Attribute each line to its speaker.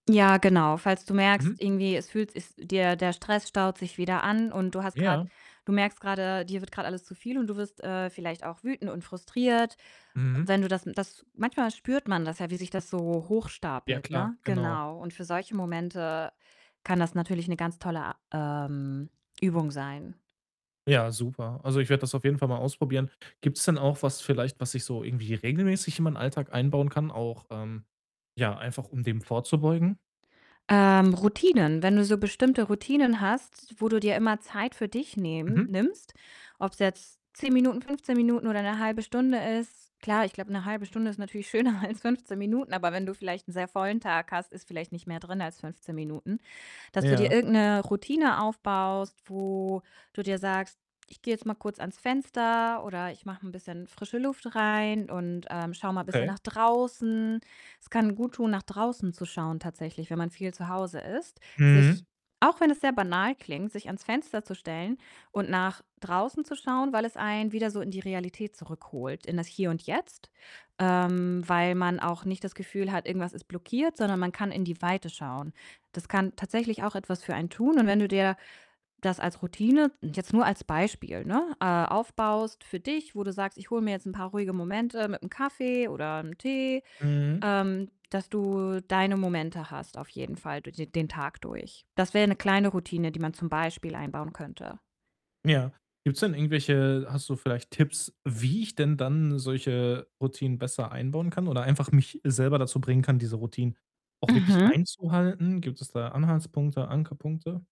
Speaker 1: Ja genau. Falls du
Speaker 2: Mhm.
Speaker 1: merkst, irgendwie es fühlt ist dir der Stress staut sich wieder an und du hast grad
Speaker 2: Ja.
Speaker 1: du merkst grade, dir wird grad alles zu viel und du wirst, äh, vielleicht auch wütend und frustriert.
Speaker 2: Mhm.
Speaker 1: Wenn du das m das manchmal spürt man das ja, wie sich das so
Speaker 2: Ja
Speaker 1: hochstapelt,
Speaker 2: klar,
Speaker 1: ne?
Speaker 2: genau.
Speaker 1: Genau, und für solche Momente kann das natürlich 'ne ganz tolle a ähm, Übung sein.
Speaker 2: Ja, super. Also, ich werde das auf jeden Fall mal ausprobieren. Gibt's denn auch was vielleicht, was ich so irgendwie regelmäßig in meinen Alltag einbauen kann auch, ähm, ja, einfach um dem vorzubeugen?
Speaker 1: Ähm, Routinen? Wenn du so bestimmte Routinen hast, wo du dir immer Zeit für dich nehmen
Speaker 2: Mhm.
Speaker 1: nimmst, ob's jetzt 10 Minuten, 15 Minuten oder 'ne 1/2 Stunde ist. Klar, ich glaube, 'ne 1/2 Stunde ist natürlich schöner als 15 Minuten, aber wenn du vielleicht 'n sehr vollen Tag hast, ist vielleicht nicht mehr drin als 15 Minuten. Dass du dir
Speaker 2: Ja.
Speaker 1: irgend 'ne Routine aufbaust, wo du dir sagst: „Ich gehe jetzt mal kurz ans Fenster“ oder „ich mache 'n bisschen frische Luft rein und, ähm, schau mal bisschen
Speaker 2: Okay.
Speaker 1: nach draußen.“ Es kann guttun, nach draußen zu schauen tatsächlich, wenn man viel zu Hause ist. Sich
Speaker 2: Mhm.
Speaker 1: auch wenn es sehr banal klingt, sich ans Fenster zu stellen und nach draußen zu schauen, weil es einen wieder so in die Realität zurückholt, in das Hier und Jetzt. Ähm, weil man auch nicht das Gefühl hat, irgendwas ist blockiert, sondern man kann in die Weite schauen. Das kann tatsächlich auch etwas für einen tun und wenn du dir das als Routine jetzt nur als Beispiel, ne, äh, aufbaust für dich, wo du sagst: „ich hole mir jetzt 'n paar ruhige Momente mit 'm Kaffee oder 'nem Tee“,
Speaker 2: Mhm.
Speaker 1: ähm, dass du deine Momente hast auf jeden Fall dur de den Tag durch. Das wäre 'ne kleine Routine, die man zum Beispiel einbauen könnte.
Speaker 2: Ja, gibt's denn irgendwelche hast du vielleicht Tipps, wie ich denn dann solche Routinen besser einbauen kann oder einfach mich selber dazu bringen kann, diese Routinen auch wirklich
Speaker 1: Mhm.
Speaker 2: einzuhalten? Gibt es da Anhaltspunkte, Ankerpunkte?